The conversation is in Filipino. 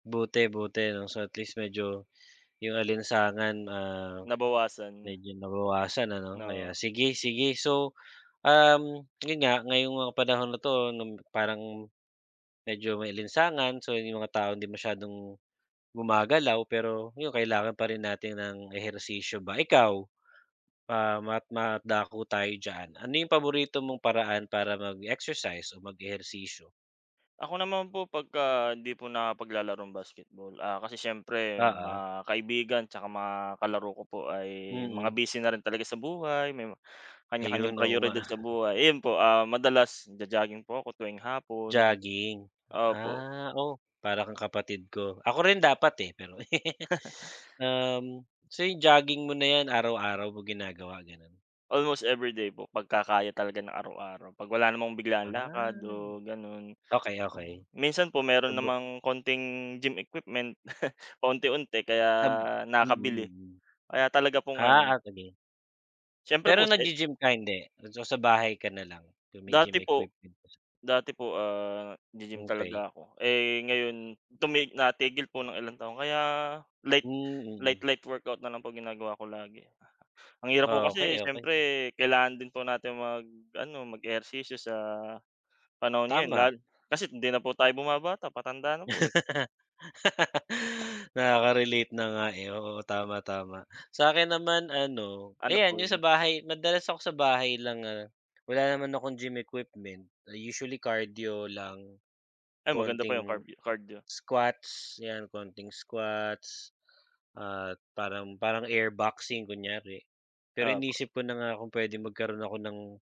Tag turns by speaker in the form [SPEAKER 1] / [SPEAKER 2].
[SPEAKER 1] Buti, buti ano, so at least medyo yung alinsangan, ah
[SPEAKER 2] Nabawasan.
[SPEAKER 1] medyo nabawasan ano?
[SPEAKER 2] Na
[SPEAKER 1] Kaya, sige, sige so, um, yun nga ngayong mga panahon na 'to 'no parang medyo maalinsangan, so yung mga taong hindi masyadong gumagalaw. Pero yun kailangan pa rin natin ng ehersisyo ba, ikaw pa mat madako tayo diyan, ano yung paborito mong paraan para mag-exercise o mag-ehersisyo?
[SPEAKER 2] Ako naman po pagka hindi po nakapaglalaro ng basketball, ah, kasi siyempre mga
[SPEAKER 1] Oo.
[SPEAKER 2] kaibigan tsaka mga kalaro ko po ay mga
[SPEAKER 1] Mm.
[SPEAKER 2] busy na rin talaga sa buhay may ma
[SPEAKER 1] Ayun,
[SPEAKER 2] kanya-kanyang
[SPEAKER 1] oo nga.
[SPEAKER 2] prayoridad sa buhay, yun po, ah, madalas nagja-jogging po ako tuwing hapon
[SPEAKER 1] Jogging.
[SPEAKER 2] opo.
[SPEAKER 1] Ah, oh, para kang kapatid ko, ako rin dapat, eh, pero Um, so yung jogging mo na 'yan araw-araw mo ginagawa ganun?
[SPEAKER 2] Almost everyday po. pagka kaya talaga ng araw-araw, 'pag wala namang biglaan lakad o
[SPEAKER 1] [unintelligible]
[SPEAKER 2] ganun.
[SPEAKER 1] Okey,
[SPEAKER 2] Um, ah,
[SPEAKER 1] okey.
[SPEAKER 2] minsan po meron
[SPEAKER 1] Subok
[SPEAKER 2] namang konting gym equipment, paunti-unti. Kaya,
[SPEAKER 1] Tab mm,
[SPEAKER 2] nakakabili,
[SPEAKER 1] mm.
[SPEAKER 2] kaya talaga pong
[SPEAKER 1] Ah,
[SPEAKER 2] ano
[SPEAKER 1] ah, sige.
[SPEAKER 2] Siyempre
[SPEAKER 1] Pero
[SPEAKER 2] po sa
[SPEAKER 1] nag-gi-gym ka hindi? Nagsa sa bahay ka na lang kung may gym
[SPEAKER 2] Dati po
[SPEAKER 1] equipment.
[SPEAKER 2] dati po, ah, g-gym
[SPEAKER 1] Okey.
[SPEAKER 2] talaga ako. Eh, ngayon tumig natigil po ng ilang taon, kaya light,
[SPEAKER 1] Mhm.
[SPEAKER 2] light light workout na lang po ginagawa ko lagi. Ang hirap po
[SPEAKER 1] Okey,
[SPEAKER 2] kasi
[SPEAKER 1] okey.
[SPEAKER 2] siyempre kailangan din po natin mag-ano, mag-ehersisyo sa panahon ngayon,
[SPEAKER 1] Tama.
[SPEAKER 2] lal kasi hindi na po tayo bumabata, patanda na po eh.
[SPEAKER 1] Nakaka-relate na nga, eh oo, tama, tama. Sa'kin naman ano,
[SPEAKER 2] Ano
[SPEAKER 1] ayan yung sa
[SPEAKER 2] poy?
[SPEAKER 1] bahay, madalas ako sa bahay lang nga wala naman akong gym equipment. Ah, usually cardio lang.
[SPEAKER 2] Ay, maganda pa yang
[SPEAKER 1] Konting
[SPEAKER 2] carbio cardio.
[SPEAKER 1] squats yan, konting squats at parang parang air boxing kunyari, pero
[SPEAKER 2] Opo.
[SPEAKER 1] iniisip ko na nga kung puwedeng magkaroon ako ng